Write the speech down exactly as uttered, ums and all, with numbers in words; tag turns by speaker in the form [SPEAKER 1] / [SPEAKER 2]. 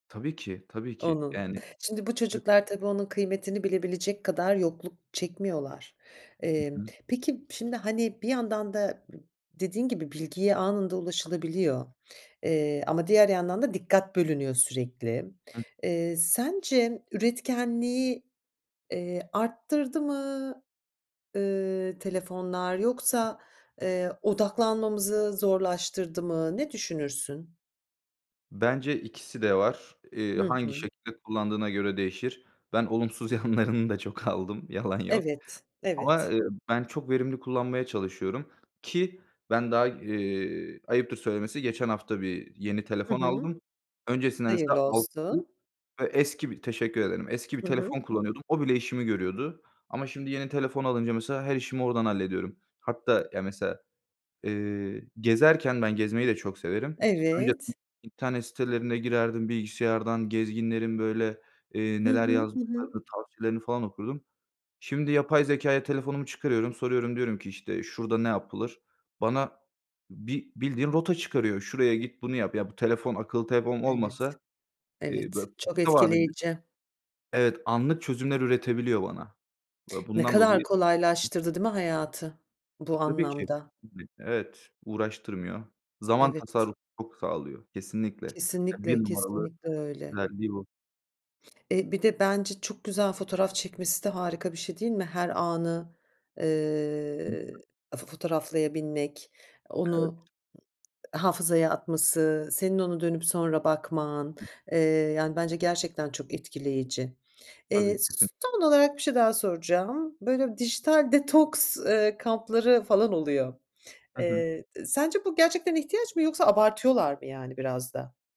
[SPEAKER 1] Tabii ki, tabii ki.
[SPEAKER 2] Onun.
[SPEAKER 1] Yani
[SPEAKER 2] Şimdi bu
[SPEAKER 1] [unintelligible]
[SPEAKER 2] çocuklar tabii onun kıymetini bilebilecek kadar yokluk çekmiyorlar.
[SPEAKER 1] Hı
[SPEAKER 2] Emm,
[SPEAKER 1] hı.
[SPEAKER 2] peki, şimdi hani, bir yandan da dediğin gibi bilgiye anında ulaşılabiliyor ama, eee, diğer yandan da dikkat bölünüyor sürekli.
[SPEAKER 1] Hı.
[SPEAKER 2] Eee, sence üretkenliği, eee, arttırdı mı? Iıı, telefonlar yoksa, eee, odaklanmamızı zorlaştırdı mı? Ne düşünürsün?
[SPEAKER 1] Bence ikisi de var. Eee,
[SPEAKER 2] Hı
[SPEAKER 1] hangi
[SPEAKER 2] hı.
[SPEAKER 1] şekilde kullandığına göre değişir. Ben olumsuz yanlarını da çok aldım, yalan yok.
[SPEAKER 2] Evet,
[SPEAKER 1] Ama,
[SPEAKER 2] evet.
[SPEAKER 1] eee, ben çok verimli kullanmaya çalışıyorum ki ben daha, eee, ayıptır söylemesi geçen hafta bir yeni
[SPEAKER 2] Hı
[SPEAKER 1] telefon
[SPEAKER 2] hı.
[SPEAKER 1] aldım. Öncesinde
[SPEAKER 2] Hayırlı
[SPEAKER 1] mesela [unintelligible]
[SPEAKER 2] olsun.
[SPEAKER 1] Ve eski bi Teşekkür ederim, eski bir
[SPEAKER 2] Hı hı.
[SPEAKER 1] telefon kullanıyordum. O bile işimi görüyordu. Ama şimdi yeni telefon alınca mesela her işimi oradan hallediyorum. Hatta ya, mesela, eee, gezerken ben gezmeyi de çok severim. Önceden
[SPEAKER 2] Evet.
[SPEAKER 1] internet sitelerine girerdim, bilgisayardan gezginlerin böyle, eee,
[SPEAKER 2] Hı
[SPEAKER 1] neler
[SPEAKER 2] hı. Hı hı.
[SPEAKER 1] yazdıklarını, tavsiyelerini falan okurdum. Şimdi, yapay zekâya, telefonumu çıkarıyorum, soruyorum, diyorum ki işte, "Şurada ne yapılır?" Bana bi bildiğin rota çıkarıyor. "Şuraya git, bunu yap." Ya bu telefon, akıllı telefon
[SPEAKER 2] Evet,
[SPEAKER 1] olmasa, eee,
[SPEAKER 2] evet,
[SPEAKER 1] böyle
[SPEAKER 2] çok
[SPEAKER 1] kısa vadede
[SPEAKER 2] etkileyici.
[SPEAKER 1] Evet, anlık çözümler üretebiliyor bana ve
[SPEAKER 2] Ne
[SPEAKER 1] bundan
[SPEAKER 2] kadar
[SPEAKER 1] dolayı
[SPEAKER 2] kolaylaştırdı değil mi hayatı,
[SPEAKER 1] E,
[SPEAKER 2] bu
[SPEAKER 1] tabii ki.
[SPEAKER 2] anlamda?
[SPEAKER 1] [unintelligible] Evet, uğraştırmıyor. Zaman
[SPEAKER 2] Evet.
[SPEAKER 1] tasarrufu çok sağlıyor, kesinlikle. Ya, bir
[SPEAKER 2] Kesinlikle,
[SPEAKER 1] numaralı
[SPEAKER 2] kesinlikle öyle.
[SPEAKER 1] özelliği bu.
[SPEAKER 2] Eee, bir de bence çok güzel fotoğraf çekmesi de harika bir şey değil mi? Her anı, eee, fo fotoğraflayabilmek,
[SPEAKER 1] Evet.
[SPEAKER 2] onu hafızaya atması, senin onu dönüp sonra bakman, eee, yani bence gerçekten çok etkileyici.
[SPEAKER 1] Tabii
[SPEAKER 2] Eee,
[SPEAKER 1] ki. Hı.
[SPEAKER 2] s son olarak bir şey daha soracağım. Böyle dijital detoks, eee, kampları falan oluyor.
[SPEAKER 1] Hı hı.
[SPEAKER 2] Eee, sence bu gerçekten ihtiyaç mı yoksa abartıyorlar mı, yani biraz da?